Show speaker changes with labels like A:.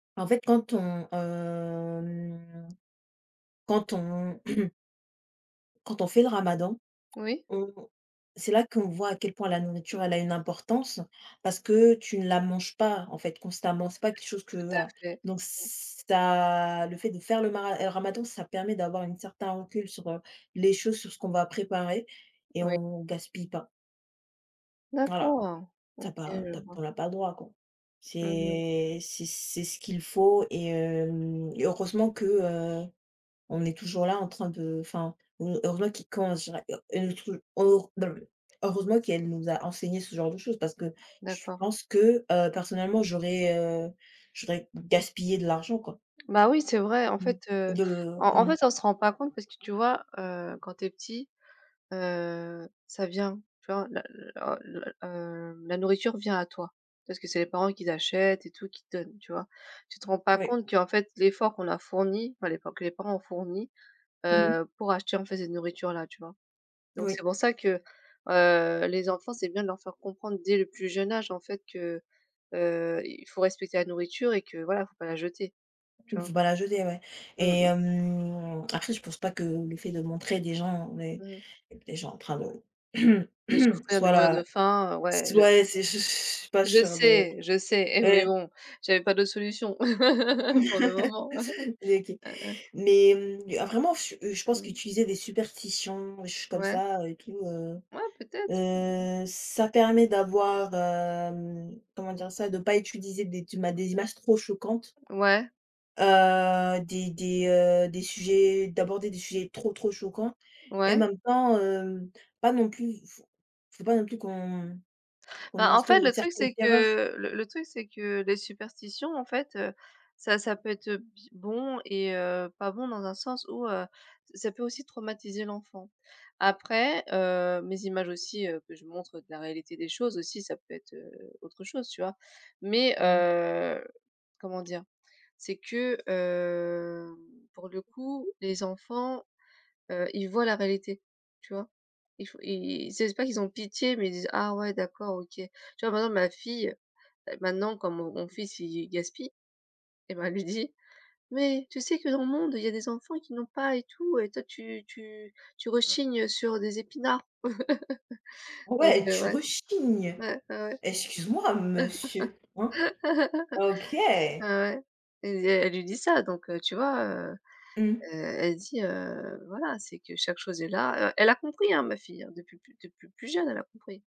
A: En fait, quand on, hem, quand on quand on fait le ramadan,
B: Oui.
A: on c'est là qu'on voit à quel point la nourriture elle a une importance, parce que tu ne la manges pas, en fait,
B: Ouais.
A: constamment. C'est pas quelque chose que,
B: Tout à
A: voilà.
B: fait.
A: Donc
B: Mmh.
A: ça le fait de faire le mara heu, ramadan, ça permet d'avoir une certain recul sur, heu, les choses, sur ce qu'on va préparer et
B: Oui.
A: on gaspille pas voilà.
B: D'accord.
A: Tu as
B: OK,
A: pas
B: je
A: tu as p
B: vois.
A: on n'a pas le droit, quoi.
B: Mmh mh.
A: C'est c'est c'est ce qu'il faut et hem et heureusement que, heu, on est toujours là en train de enfin, ou heureusement qui comment je dirais? Heu, elle nous [unintelligible] heureusement qu'elle nous a enseigné ce genre de choses parce que je
B: D'accord.
A: pense que, heu, personnellement, j'aurais, heu, j'aurais gaspillé de l'argent, quoi.
B: Bah oui, c'est vrai. En
A: Mmh.
B: fait, heu,
A: De
B: en en
A: mmh.
B: fait, on se rend pas compte, parce que, tu vois, heu, quand tu es petit, heu, ça vient, tu vois? La la la l heu, la nourriture vient à toi. Parce que c'est les parents qui achètent et tout, qui te donnent, tu vois? Tu te rends pas
A: Oui.
B: compte qu'en fait l'effort qu'on leur fourni, enfin l'effort que les parents ont fourni,
A: Mmh mh.
B: heu, pour acheter, en fait, cette nourriture là, tu vois? Donc
A: Oui.
B: c'est pour ça que, heu, les enfants, c'est bien de leur faire comprendre dès le plus jeune âge, en fait, que, heu, il faut respecter la nourriture et que voilà, il faut pas la jeter. Tu
A: Il
B: vois?
A: faut pas la jeter, ouais.
B: Mmh
A: Et
B: mh.
A: hem, après je pense pas que le fait de montrer des gens des
B: Mmh mh.
A: des gens en train de
B: De souffrir, de
A: soit
B: mourir de
A: la
B: faim, heu, ouais je
A: soit les c'est ch je suis pas
B: je
A: sûre de
B: sais, je sais et mais
A: ouais.
B: bon, j'avais pas d'autre solution. Pour le moment.
A: N hé OK.
B: Ouais, ouais.
A: Mais, mmh, vraiment, je je pense
B: Mmh.
A: qu'utiliser des superstitions des choses comme
B: Ouais.
A: ça et tout, heu,
B: Ouais, peut-être. Mmh mh.
A: heu, ça permet d'avoir, hem, comment dire ça? De pas utiliser des duma des images trop choquantes
B: Ouais.
A: heu, des des, heu, des sujets, d'aborder des sujets trop, trop choquants et en
B: Ouais.
A: même temps, hem, pas non plus faut faut pas non plus qu'on qu'on
B: Bah, en
A: instaure
B: fait,
A: une
B: le truc,
A: certaine
B: c'est
A: terreur.
B: que le le truc c'est que les superstitions, en fait, heu, ça ça peut être, heu, bie bon et heu, pas bon dans un sens où, heu, ç ça peut aussi traumatiser l'enfant. Après, heu, mes images aussi, heu, que je montre de la réalité des choses aussi, ça peut être, heu, autre chose, tu vois? Mais,
A: Mmh.
B: heu, comment dire? C'est que, hem, pour le coup les enfants, heu, ils voient la réalité, tu vois? Il faut ils ils c'est c'est pas qu'ils ont pitié mais ils disent: «Ah ouais d'accord, OK». Tu vois, par exemple ma fille, heu, maintenant comme mon mon fils il il gaspille, et ben, elle lui dit: «Mais tu sais que, dans le monde, il y a des enfants qui n'ont pas et tout et toi tu tu tu rechignes, heu, sur des épinards». Donc,
A: Ouais,
B: heu,
A: tu
B: ouais.
A: rechignes.
B: Ouais. Ouais, ouais.
A: Excuse-moi monsieur, hein. OK.
B: Ah, ouais. Elle lui dit elle lui dit ça, donc, heu, tu vois, heu, heu,
A: Mmh.
B: elle dit, heu, voilà, c'est que chaque chose est là, heu. Elle a compris, hein, ma fille, hein? Depuis plus depuis plus jeune, elle a compris.